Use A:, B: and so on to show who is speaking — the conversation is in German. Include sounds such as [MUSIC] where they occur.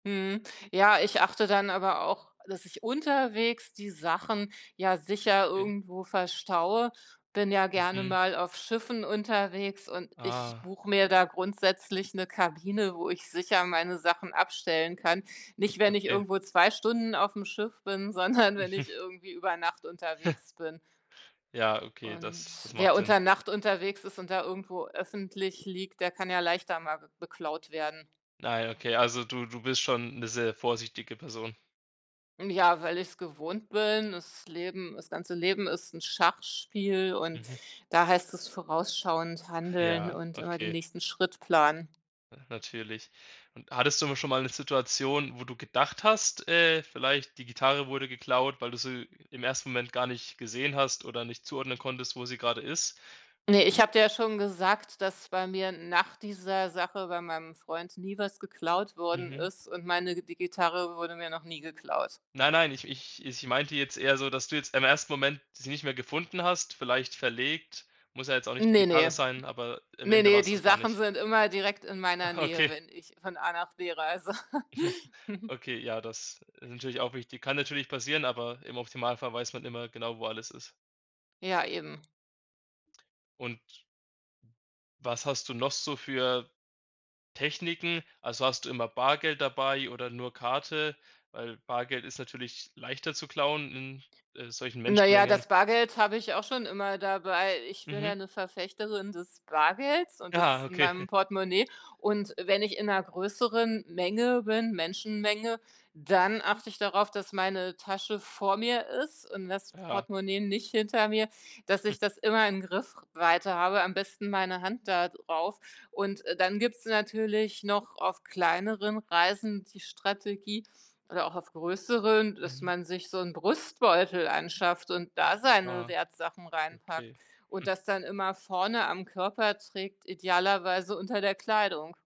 A: Mhm. Ja, ich achte dann aber auch, dass ich unterwegs die Sachen, ja, sicher
B: E
A: irgendwo verstaue. Bin ja gerne
B: Mhm.
A: mal auf Schiffen unterwegs und ich
B: Ah.
A: buche mir da grundsätzlich 'ne Kabine, wo ich sicher meine Sachen abstellen kann. Nicht, wenn ich
B: Okay.
A: irgendwo 2 Stunden auf'm Schiff bin, sondern wenn
B: Mhm.
A: ich irgendwie über Nacht
B: [CHUCKLES]
A: unterwegs bin.
B: Ja okay, das das
A: Und,
B: macht
A: wer
B: Sinn.
A: unter Nacht unterwegs ist und da irgendwo öffentlich liegt, der kann ja leichter mal be beklaut werden.
B: Na ja, okay, also, du du bist schon 'ne sehr vorsichtige Person.
A: Ja, weil ich's gewohnt bin. Das Leben das ganze Leben ist 'n Schachspiel und
B: Mhm.
A: da heißt es vorausschauend handeln
B: Ja,
A: und immer den
B: okay.
A: nächsten Schritt planen.
B: Ja, natürlich. Und hattest du mal schon mal 'ne Situation, wo du gedacht hast, äh, vielleicht: „Die Gitarre wurde geklaut, weil du sie im 1. Moment gar nicht gesehen hast oder nicht zuordnen konntest, wo sie grade ist"?
A: Ne, ich habe dir ja schon gesagt, dass bei mir nach dieser Sache bei meinem Freund nie was geklaut worden
B: Mhm.
A: ist und meine die Gitarre wurde mir noch nie geklaut.
B: Nein, nein, ich ich ich meinte jetzt eher so, dass du jetzt im ersten Moment sie nicht mehr gefunden hast, vielleicht verlegt, muss ja jetzt auch nicht die
A: Ne,
B: Gitarre
A: ne?
B: sein, aber im
A: Ne,
B: Ende
A: ne,
B: war's
A: die
B: das gar
A: Sachen
B: nicht.
A: sind immer direkt in meiner
B: Ah,
A: Nähe,
B: okay.
A: wenn ich von A nach B reise.
B: [CHUCKLES]
A: [CHUCKLES]
B: Okay, ja, das ist natürlich auch wichtig. Kann natürlich passieren, aber im optimalen Fall weiß man immer genau, wo alles ist.
A: Ja, eben.
B: Und was hast du noch so für Techniken? Also, hast du immer Bargeld dabei oder nur Karte? Weil Bargeld ist natürlich leichter zu klauen in, äh, solchen
A: Na ja,
B: Menschenmengen.
A: das Bargeld habe ich auch schon immer dabei. Ich bin
B: Mhm.
A: ja 'ne Verfechterin des Bargeldes und
B: Ah,
A: das in meinem
B: okay.
A: Portemonnaie. Und wenn ich in 'ner größeren Menge bin, Menschenmenge, dann achte ich darauf, dass meine Tasche vor mir ist und das
B: Ja.
A: Portemonnaie nicht hinter mir, dass
B: [CHUCKLES]
A: ich das immer in Griffweite habe, am besten meine Hand da drauf. Und, äh, dann gibt's natürlich noch auf kleineren Reisen die Strategie oder auch auf größeren, dass
B: Mhm.
A: man sich so 'n Brustbeutel anschafft und da seine
B: Ah.
A: Wertsachen reinpackt
B: Okay.
A: und
B: Hm.
A: das dann immer vorne am Körper trägt, idealerweise unter der Kleidung.